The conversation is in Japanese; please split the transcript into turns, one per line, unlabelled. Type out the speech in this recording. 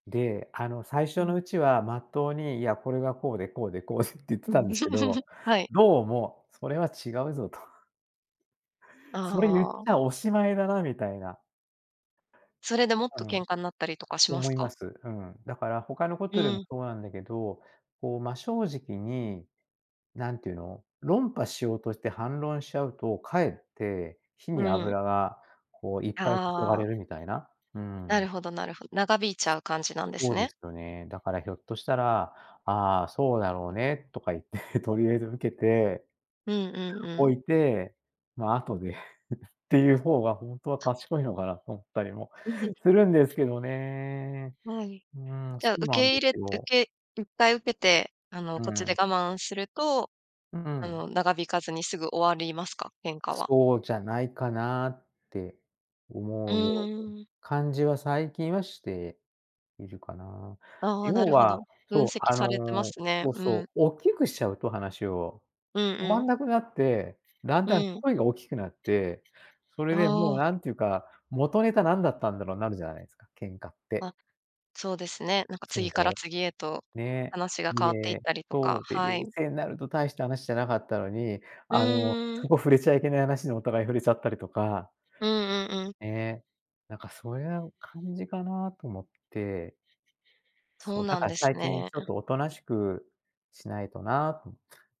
で、あの最
う
初の
ん。
うちはまっとうに、いや、これがこうで、こうで、こうでって言って
う
た
ん、
んですけ ど、
はい。
どうもそれは違うぞと。それ言っち
ああ。
ゃおしまいだなみたいな。
それでもっ
う
と
ん。
喧嘩になったりとかします
思いま
か？
す。うん。だから他のこ
う
とでも
ん。
そうなんだけど、こう、真正直に、何て言うの、論破しようとして反論しちゃうと、かえって、火
う
に
ん。
油がこういっぱい注が
あ
れ
あ。
るみたいな。うー
な
ん。
るほどなるほど、長引いちゃう感じなんです
そうで
ね。
すよね。だからひょっとしたら「ああ、そうだろうね」とか言って、とりあえず受けて
うんうんう
お
ん。
いて、ま、後で っていう方がほんとは賢いのかなと思ったりも
うふん。
するんですけどね。
はい。
うーん、
じ
そ
ゃ、
う
受
なん
け
で
入れ
す
受
よ。
けいっぱい受けて、あの
うー
こっちで
ん。
我慢すると、
うー
あ
ん。
の長引かずにすぐ終わりますか？喧嘩は。
そうじゃないかなって
う
思うように、
ーん。
感じは最近はしているかな。
ああ、な
要
るほ
は、
ど、分
そう、
析
あ
されてま
の
すね。
そう
うん。
そう、大きくしちゃうと話を、
うん
止ま
う
ん
ん。
なくなって、だん
う
だん
ん。
声が大きくなって、それ
あ
でもう
あ。
なんていうか、元ネタ何だったんだろうになるじゃないないですか、喧嘩って。
あ、そうですね、なんか
そうで
次
し
から
ょ。
次へと
ね、
話が変
い
わっていっ
え、
たりと
そ
か、
う、で、
は
冷
い。
静になると大した話じゃなかったのに、
う
あの
んう
そ
ん。
こ触れちゃいけない話にお互い触れちゃったりとか。
うんうんうん。
ね、なんかそういう感じかなと思って。
そ
そ
う
う、だ
なん
から
です
最近
ね。
ちょっとおとなしくしないとなと思って。